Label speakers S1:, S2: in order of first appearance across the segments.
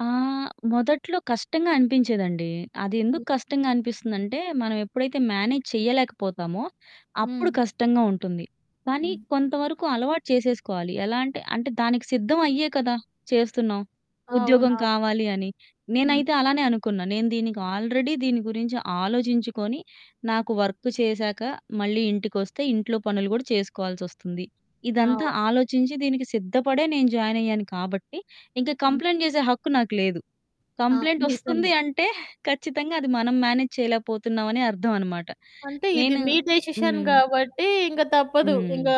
S1: ఆ! మొదట్లో కష్టంగా అనిపించేదండి. అది ఎందుకు
S2: హ్మ్.
S1: కష్టంగా అనిపిస్తుందంటే, మనం ఎప్పుడైతే మ్యానేజ్ చేయలేకపోతామో, అప్పుడు
S2: హ్మ్.
S1: కష్టంగా ఉంటుంది. కానీ,
S2: హ్మ్.
S1: కొంతవరకు అలవాటు చేసేసుకోవాలి. ఎలా అంటే, అంటే దానికి సిద్ధం అయ్యే కదా చేస్తున్నాం? ఉద్యోగం
S2: అవునవును.
S1: కావాలి అని.
S2: హ్మ్.
S1: నేనైతే అలానే అనుకున్నా. నేను దీనికి ఆల్రెడీ దీని గురించి ఆలోచించుకొని, నాకు వర్కు చేశాక మళ్ళీ ఇంటికొస్తే, ఇంట్లో పనులు గూడా చేసుకోవాల్సొస్తుంది. ఇదంతా
S2: అవును.
S1: ఆలోచించి దీనికి సిద్ధపడే నేను జాయినయ్యాను కాబట్టి, ఇంకా
S2: హ్మ్.
S1: కంప్లెయింట్ చేసే హక్కు నాకు లేదు.
S2: ఆ!
S1: కంప్లెయింటొస్తుంది
S2: నిజమే.
S1: అంటే ఖచ్చితంగా అది మనం మ్యానేజ్ చేయలేకపోతున్నామనే అర్థం అన్నమాట.
S2: అంటే ఇది
S1: నేను
S2: మీ డెసిషన్
S1: హ్మ్.
S2: కాబట్టి ఇంక తప్పదు.
S1: హ్మ్.
S2: ఇంకా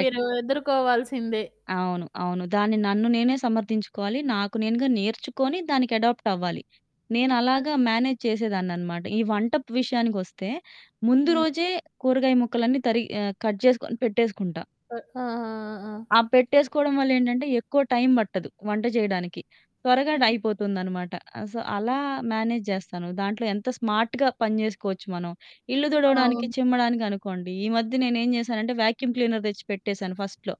S2: మీరు ఎదుర్కోవాల్సిందే.
S1: అవును. అవును. దాన్ని నన్ను నేనే సమర్థించుకోవాలి. నాకు నేనుగా నేర్చుకొని, దానికి అడాప్టవ్వాలి. నేను
S2: ఆ!
S1: అలాగా మ్యానేజ్ చేసేదాన్ననమాట. ఈ వంటపు విషయాకొస్తే ముందు
S2: హ్మ్.
S1: రోజే కూరగాయ ముక్కలన్నీ తరిగి ఆహ్, కట్ జేసుకొని పెట్టేసుకుంటా.
S2: ఆ! ఆహా! ఆ!
S1: ఆ పెట్టేసుకోవడం వల్లేంటంటే ఎక్కువ టైమ్ పట్టదు వంట చేయడానికి. త్వరగా డ్
S2: హుహు.
S1: అయిపోతుందనమాట. ఆహ్, సో, అలా మ్యానేజ్ జేస్తాను. దాంట్లో ఎంత స్మార్ట్‌గా పని చేసుకోవచ్చు మనం. ఇల్లు దుడవడానికి,
S2: అవును.
S1: చిమ్మడానికనుకోండి, ఈ మధ్య నేనేం చేశానంటే వ్యాక్యూమ్ క్లీనర్ తెచ్చి పెట్టేసాను ఫస్ట్‌లో.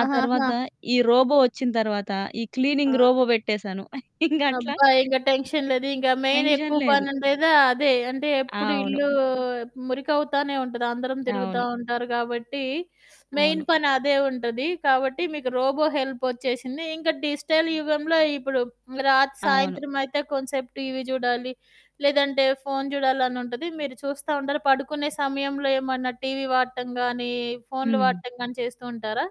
S1: ఆ తర్వాత ఈ రోబో వచ్చిన తర్వాత ఈ క్లీనింగ్
S2: ఆ!
S1: రోబో పెట్టేశాను. ఇంగట్లా
S2: అబ్బా! ఇంక టెన్షన్ లేదు. ఇంకా మెయిన్
S1: టెన్షన్
S2: ఎక్కువ
S1: లేదు.
S2: పనుండేదా అదే. అంటే ఎప్పుడు ఇల్లు
S1: అవును.
S2: మురికవుతానే ఉంటది. అందరం తిరుగుతా
S1: అవును.
S2: ఉంటారు కాబట్టి, మెయిన్
S1: అవును.
S2: పనదే ఉంటది. కాబట్టి మీకు రోబో హెల్పొచ్చేసింది. ఇంకా డిజిటల్ యుగంలో ఇప్పుడు రాత్
S1: అవును.
S2: సాయంత్రమయితే కొంసేపు టీవీ చూడాలి, లేదంటే ఫోను చూడాలనుంటది. మీరు చూస్తా ఉంటారు. పడుకునే సమయంలో ఏమన్నా టీవీ వాడటం గానీ, ఫోన్లు
S1: హ్మ్.
S2: వాడటం గానీ చేస్తూ ఉంటారా?